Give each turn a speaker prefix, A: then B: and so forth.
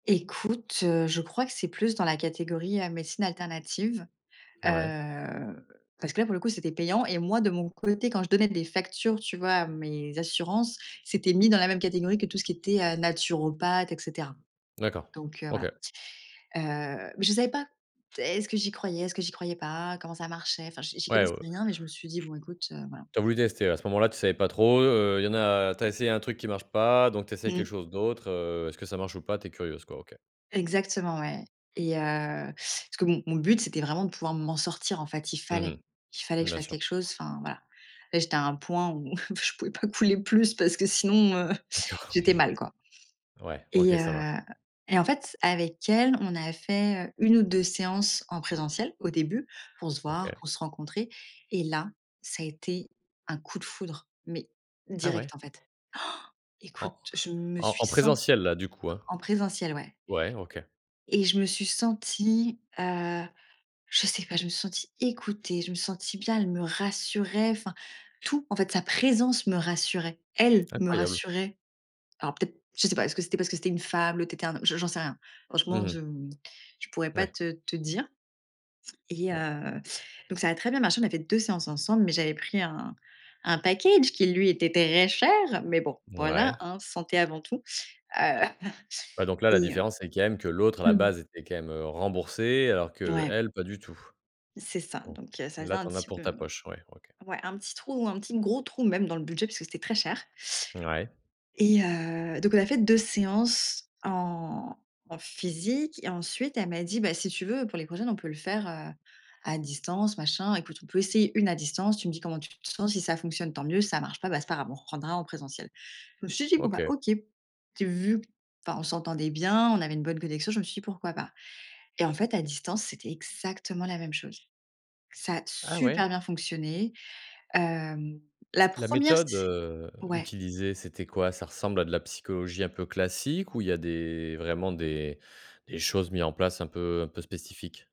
A: Écoute, heu, je crois que c'est plus dans la catégorie à médecines alternatives,
B: Ouais.
A: heu, parce que, là, pour le coup, c'était payant et moi, de mon côté, quand je donnais des factures, tu vois, à mes assurances, c'était mis dans la même catégorie que tout ce qui était, heu, naturopathe et cetera
B: D'accord.
A: donc heu, voilà.
B: OK.
A: Heu mais je savais pas. Heu, est-ce que j'y croyais? Est-ce que j'y croyais pas? Comment ça marchait? Enfin, j'y j'y
B: Ouais,
A: connaissais
B: ouais, ouais.
A: rien, mais je me suis dit: «Bon, écoute, heu, voilà».
B: Tu as voulu tester. À ce moment-là, tu savais pas trop, heu, il y en a tu as essayé un truc qui marche pas, donc tu essayes quelque
A: Mmh.
B: chose d'autre, heu, «Est-ce que ça marche ou pas?» Tu es curieuse, quoi. OK.
A: Exactement ouais et heu, parce que mon mon but, c'était vraiment de pouvoir m'en sortir. En fait, il
B: Mmh
A: fallait il fallait
B: mh.
A: que je
B: Bien
A: fasse
B: sûr.
A: quelque chose. Enfin, voilà, là, j'étais à un point où je pouvais pas couler plus parce que sinon, heu,
B: D'accord,
A: j'étais mal, quoi
B: ouais OK.
A: et
B: Ça va.
A: heu et en fait, avec elle, on a fait, heu, 1 ou 2 séances en présentiel, au début, pour se voir,
B: OK.
A: pour se rencontrer et là, ça a été un coup de foudre, mais
B: Ah ouais?
A: direct, en fait. Han! Écoute,
B: En
A: je me
B: en
A: suis
B: en
A: sent
B: présentiel, là, du coup, hein?
A: en présentiel, ouais.
B: Ouais OK.
A: Et je me suis sentie, heu je sais pas, je me suis sentie écoutée, je me suis sentie bien, elle me rassurait. Enfin, tout, en fait, sa présence me rassurait. Elle me
B: Incroyable.
A: rassurait. Alors, peut-être je sais pas, est-ce que c'était parce que c'était une femme? L'autre était un hom je j'en sais rien. Franchement,
B: Mmh
A: je,
B: mh.
A: mmh, je pourrais pas
B: Ouais.
A: te te dire et
B: Oh
A: heu, donc ça a très bien marché. On a fait 2 séances ensemble, mais j'avais pris un un package qui, lui, était très cher. Mais bon, voilà,
B: Ouais.
A: hein, santé avant tout. Heu
B: Ouais donc là, la
A: et heu
B: différence, c'est quand même que l'autre, à
A: Mmh
B: la
A: mh.
B: base, était quand même, heu, remboursée alors
A: Ouais.
B: qu'elle pas du tout.
A: C'est ça.
B: Bon,
A: Donc il y a ça faisait
B: là, tu
A: un
B: en as
A: petit
B: pour
A: peu,
B: ta
A: mmh
B: poche, ouais. OK.
A: ouais, un petit trou, un petit gros trou même dans le budget, puisque c'était très cher
B: Ouais.
A: et heu, donc on a fait 2 séances en en physique et ensuite, elle m'a dit: «Bah, si tu veux, pour les prochaines, on peut le faire, heu, à distance, machin, écoute, on peut essayer 1 à distance. Tu me dis comment tu te sens. Si ça fonctionne, tant mieux. Si ça marche pas, bah, c'est pas grave, on reprendra en présentiel». Je me suis dit: «Bon, bah,
B: OK.
A: OK», tu vu enfin on s'entendait bien. On avait une bonne connexion. Je me suis dit: «Pourquoi pas?» et en fait, à distance, c'était exactement la même chose. Ça a
B: Ah, ouais?
A: super bien fonctionné. Hem, la
B: C La
A: 1re
B: méthode,
A: sé
B: heu,
A: ouais.
B: utilisée, c'était quoi? Ça ressemble à de la psychologie un peu classique ou il y a des vraiment, des des choses mises en place, un peu un peu spécifiques?